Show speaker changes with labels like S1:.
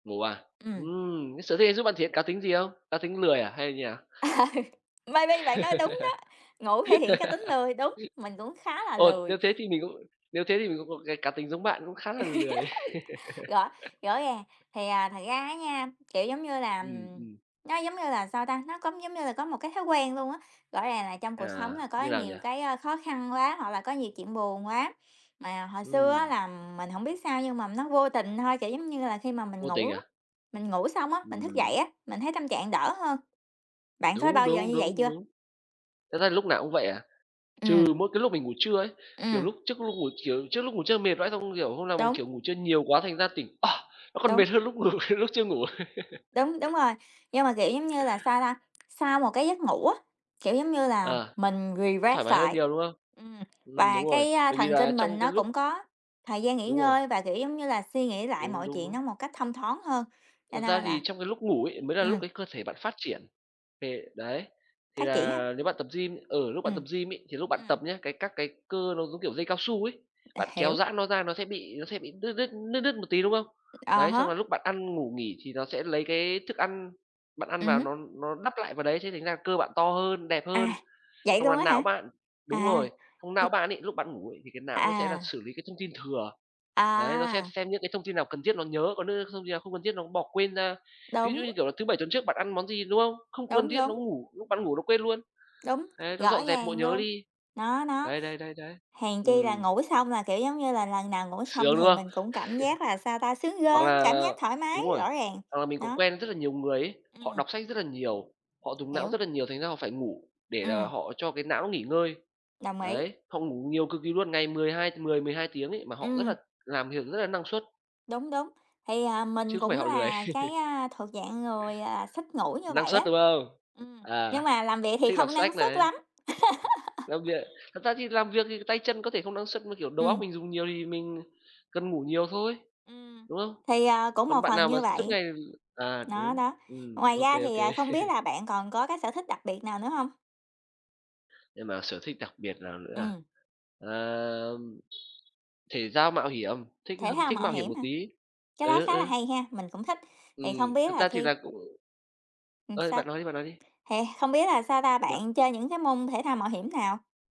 S1: Ngủ à?
S2: Ừm.
S1: Ừm, cái sở thích ấy giúp bạn thể hiện cá tính gì không? Cá tính lười, à, hay như nào?
S2: Maybe bạn nói đúng đó, ngủ thể hiện cái tính lười, đúng, mình cũng khá là
S1: Ồ!
S2: lười.
S1: Nếu thế thì mình cũng nếu thế thì mình cũng có cái cá tính giống bạn cũng khá là lười.
S2: Rõ rõ ràng. Thì, à, thật ra á nha, kiểu giống như là,
S1: Ừm, ừm.
S2: nó giống như là, sao ta, nó cũng giống như là có một cái thói quen luôn á. Rõ ràng là trong cuộc
S1: À,
S2: sống là có
S1: như nào nhỉ?
S2: nhiều cái á khó khăn quá, hoặc là có nhiều chuyện buồn quá. Mà hồi xưa á
S1: Ừm.
S2: là mình hổng biết sao nhưng mà nó vô tình thôi, kiểu giống như là, khi mà mình
S1: Vô tình
S2: ngủ
S1: à?
S2: mình ngủ xong á, mình thức
S1: Ừm.
S2: dậy á, mình thấy tâm trạng đỡ hơn. Bạn có
S1: Đúng,
S2: bao giờ
S1: đúng,
S2: như vậy
S1: đúng,
S2: chưa?
S1: đúng. Thực ra lúc nào cũng vậy à, trừ
S2: Ừm.
S1: mỗi cái lúc mình ngủ trưa ấy, kiểu,
S2: Ừm.
S1: lúc trước lúc ngủ chiều trước lúc ngủ trưa mệt vãi xong, kiểu, hôm nào bằng,
S2: Đúng.
S1: kiểu, ngủ trưa nhiều quá thành ra tỉnh, ơ! Nó còn
S2: Đúng.
S1: mệt hơn lúc ngủ lúc chưa ngủ.
S2: Đúng, đúng rồi, nhưng mà, kiểu giống như là, sao ta, sau một cái giấc ngủ á, kiểu giống như là,
S1: À,
S2: mình refresh
S1: thoải mái hơn
S2: lại.
S1: nhiều, đúng không?
S2: Ừm,
S1: Ừm,
S2: và
S1: đúng rồi.
S2: cái, a,
S1: Bởi vì
S2: thần
S1: là
S2: kinh
S1: trong
S2: mình
S1: cái
S2: nó
S1: lúc
S2: cũng có thời gian nghỉ
S1: Đúng rồi.
S2: ngơi và, kiểu giống như là, suy nghĩ lại
S1: Đúng,
S2: mọi
S1: đúng,
S2: chuyện
S1: đúng.
S2: nó một cách thông thoáng hơn, cho
S1: Thật ra
S2: nên là
S1: thì trong cái lúc ngủ ấy mới là lúc
S2: ừm.
S1: cái cơ thể bạn phát triển về đấy, thì
S2: Phát triển á?
S1: là nếu bạn tập gym ừ, lúc bạn tập
S2: Ừm,
S1: gym ấy, thì lúc bạn tập
S2: ừm.
S1: nhé, cái, các cái cơ nó giống kiểu dây cao su ấy,
S2: À,
S1: bạn kéo
S2: hiểu.
S1: giãn nó ra nó sẽ bị nó sẽ bị đứt đứt đứt đứt một tí, đúng không?
S2: Ờ
S1: Đấy, xong
S2: ha.
S1: là lúc bạn ăn, ngủ, nghỉ, thì nó sẽ lấy cái thức ăn bạn ăn
S2: Ừm
S1: vào
S2: hứm.
S1: nó nó đắp lại vào đấy, thế thành ra cơ bạn to hơn, đẹp hơn.
S2: À! Vậy
S1: Xong là
S2: luôn á
S1: não
S2: hả?
S1: bạn đúng
S2: À!
S1: rồi, xong não
S2: Ừm.
S1: bạn ấy, lúc bạn ngủ ấy thì cái não nó sẽ là
S2: À!
S1: xử lý cái thông tin thừa. Đấy, nó sẽ
S2: À!
S1: xem những cái thông tin nào cần thiết nó nhớ, có những thông tin nào không cần thiết nó bỏ quên ra. Ví dụ
S2: Đúng!
S1: như, kiểu là, thứ bảy tuần trước bạn ăn món gì, đúng không? Không cần
S2: Đúng,
S1: thiết nó
S2: đúng.
S1: ngủ, lúc bạn ngủ nó quên luôn.
S2: Đúng,
S1: Đấy, nó
S2: rõ
S1: dọn dẹp bộ
S2: ràng
S1: nhớ
S2: luôn.
S1: đi.
S2: Đó, nó
S1: Đấy, đấy, đấy, đấy.
S2: hèn chi là
S1: Ừm.
S2: ngủ xong là, kiểu giống như là, lần nào ngủ xong
S1: Sướng, đúng
S2: thì
S1: không?
S2: mình cũng cảm giác là, sao ta, sướng
S1: Hoặc
S2: rơn, cảm
S1: là
S2: giác thoải mái
S1: đúng rồi,
S2: rõ ràng,
S1: hoặc là mình có
S2: đó.
S1: quen rất là nhiều người ấy, họ
S2: Ừm.
S1: đọc sách rất là nhiều, họ dùng não rất
S2: Hiểu.
S1: là nhiều, thành ra họ phải ngủ để là
S2: Ừm.
S1: họ cho cái não nó nghỉ ngơi.
S2: Đồng ý.
S1: Đấy, họ ngủ nhiều cực kỳ luôn, ngày mười hai 10, 12 tiếng ấy mà họ rất là
S2: Ừm.
S1: làm việc rất là năng suất.
S2: Đúng, đúng. Thì, à, mình
S1: Chứ không
S2: cũng
S1: phải họ lười.
S2: là cái, a, thuộc dạng người, à, thích ngủ như
S1: Năng
S2: vậy
S1: suất,
S2: á.
S1: đúng không?
S2: Ừm, nhưng
S1: À,
S2: mà làm việc thì
S1: thích đọc
S2: không năng
S1: sách
S2: suất
S1: này.
S2: lắm.
S1: Làm việc thật ra thì làm việc thì tay chân có thể không năng suất mà, kiểu, đầu óc
S2: Ừm.
S1: mình dùng nhiều thì mình cần ngủ nhiều thôi.
S2: Ừm,
S1: Đúng không?
S2: thì, à, cũng
S1: Còn
S2: một
S1: bạn
S2: phần
S1: nào mà
S2: như
S1: suốt
S2: vậy.
S1: ngày à,
S2: Đó,
S1: đúng,
S2: đó.
S1: ừm,
S2: Ngoài
S1: ô
S2: ra
S1: kê, ô
S2: thì,
S1: kê.
S2: à, không biết là bạn còn có cái sở thích đặc biệt nào nữa hông?
S1: Nhưng mà sở thích đặc biệt nào nữa nào?
S2: Ừm.
S1: À, thể thao mạo hiểm, thích
S2: Thể
S1: hâm
S2: thao
S1: thích
S2: mạo
S1: mạo hiểm
S2: hiểm
S1: một
S2: hả?
S1: tí.
S2: Cái đó
S1: Ừ,
S2: khá là
S1: ừ.
S2: hay ha, mình cũng thích. Thì
S1: Ừm,
S2: không biết
S1: thực
S2: là
S1: ra thì
S2: khi
S1: là cũng
S2: Ừm,
S1: ờ,
S2: sao?
S1: bạn nói đi, bạn nói đi.
S2: Thì không biết là, sao ta,
S1: Bạn
S2: bạn chơi những cái môn thể thao mạo hiểm nào?